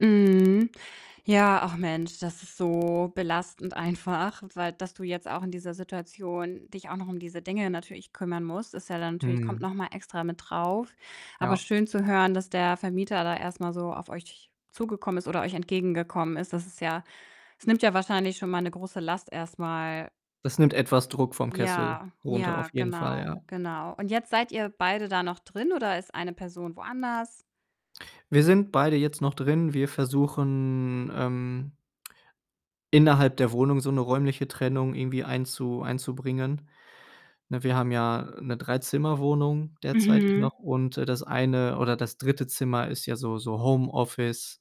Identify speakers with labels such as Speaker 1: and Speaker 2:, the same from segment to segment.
Speaker 1: Mhm. Ja, ach Mensch, das ist so belastend einfach, weil dass du jetzt auch in dieser Situation dich auch noch um diese Dinge natürlich kümmern musst, ist ja dann natürlich kommt
Speaker 2: Mhm.
Speaker 1: noch mal extra mit drauf. Aber
Speaker 2: Ja.
Speaker 1: schön zu hören, dass der Vermieter da erst mal so auf euch zugekommen ist oder euch entgegengekommen ist. Das ist ja es nimmt ja wahrscheinlich schon mal 'ne große Last erst mal.
Speaker 2: Das nimmt etwas Druck vom Kessel
Speaker 1: Ja,
Speaker 2: runter, auf
Speaker 1: ja,
Speaker 2: jeden Fall,
Speaker 1: genau,
Speaker 2: ja.
Speaker 1: genau, und jetzt seid ihr beide da noch drin, oder ist eine Person woanders?
Speaker 2: Wir sind beide jetzt noch drin. Wir versuchen, ähm, innerhalb der Wohnung so 'ne räumliche Trennung irgendwie einzu einzubringen. Ne, wir haben ja 'ne Dreizimmerwohnung derzeitig noch
Speaker 1: Mhm.
Speaker 2: und, äh, das eine oder das 3. Zimmer ist ja so so Homeoffice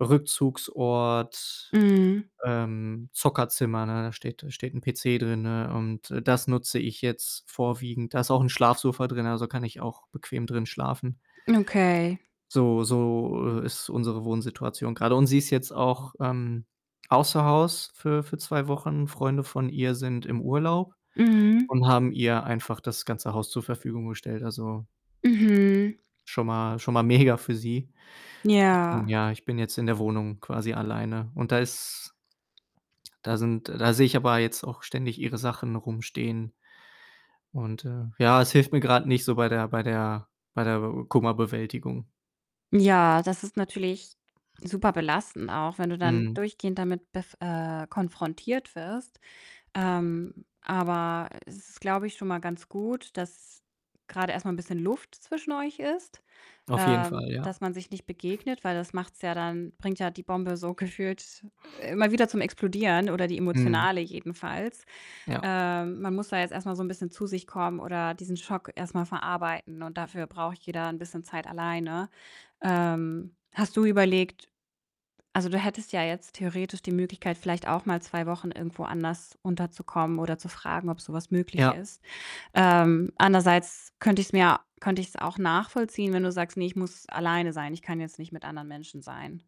Speaker 2: Rückzugsort,
Speaker 1: Mhm.
Speaker 2: ähm, Zockerzimmer, ne? Da steht da steht 'n PC drin, ne, und, äh, das nutze ich jetzt vorwiegend. Da ist auch 'n Schlafsofa drin, also, kann ich auch bequem drin schlafen.
Speaker 1: Okay.
Speaker 2: So so, äh, ist unsere Wohnsituation grade und sie ist jetzt auch, ähm, außer Haus für für 2 Wochen. Freunde von ihr sind im Urlaub
Speaker 1: Mhm.
Speaker 2: und haben ihr einfach das ganze Haus zur Verfügung gestellt. Also
Speaker 1: Mhm.
Speaker 2: schon mal schon mal mega für sie. Ich bin
Speaker 1: Ja.
Speaker 2: ja ich bin jetzt in der Wohnung quasi alleine und da ist da sind da sehe ich aber jetzt auch ständig ihre Sachen rumstehen und, äh ja, es hilft mir grad nicht so bei der bei der bei der Be Kummerbewältigung.
Speaker 1: Ja, das ist natürlich super belastend auch, wenn du dann
Speaker 2: Mhm.
Speaker 1: durchgehend damit bef äh, konfrontiert wirst. Ähm, aber es ist, glaube ich, schon mal ganz gut, dass grade erst mal 'n bisschen Luft zwischen euch ist,
Speaker 2: Auf jeden
Speaker 1: ähm,
Speaker 2: Fall, ja.
Speaker 1: dass man sich nicht begegnet, weil das macht's ja dann bringt ja die Bombe so gefühlt immer wieder zum Explodieren oder die
Speaker 2: Mhm.
Speaker 1: emotionale jedenfalls.
Speaker 2: Ja.
Speaker 1: Ähm, man muss da jetzt erst mal so 'n bisschen zu sich kommen oder diesen Schock erst mal verarbeiten und dafür braucht jeder 'n bisschen Zeit alleine. Ähm, hast du überlegt also, du hättest ja jetzt theoretisch die Möglichkeit, vielleicht auch mal 2 Wochen irgendwo anders unterzukommen oder zu fragen, ob so was möglich
Speaker 2: Ja.
Speaker 1: ist. Ähm, andererseits könnte ich's mir könnte ich's auch nachvollziehen, wenn du sagst: „Ne, ich muss alleine sein. Ich kann jetzt nicht mit anderen Menschen sein.“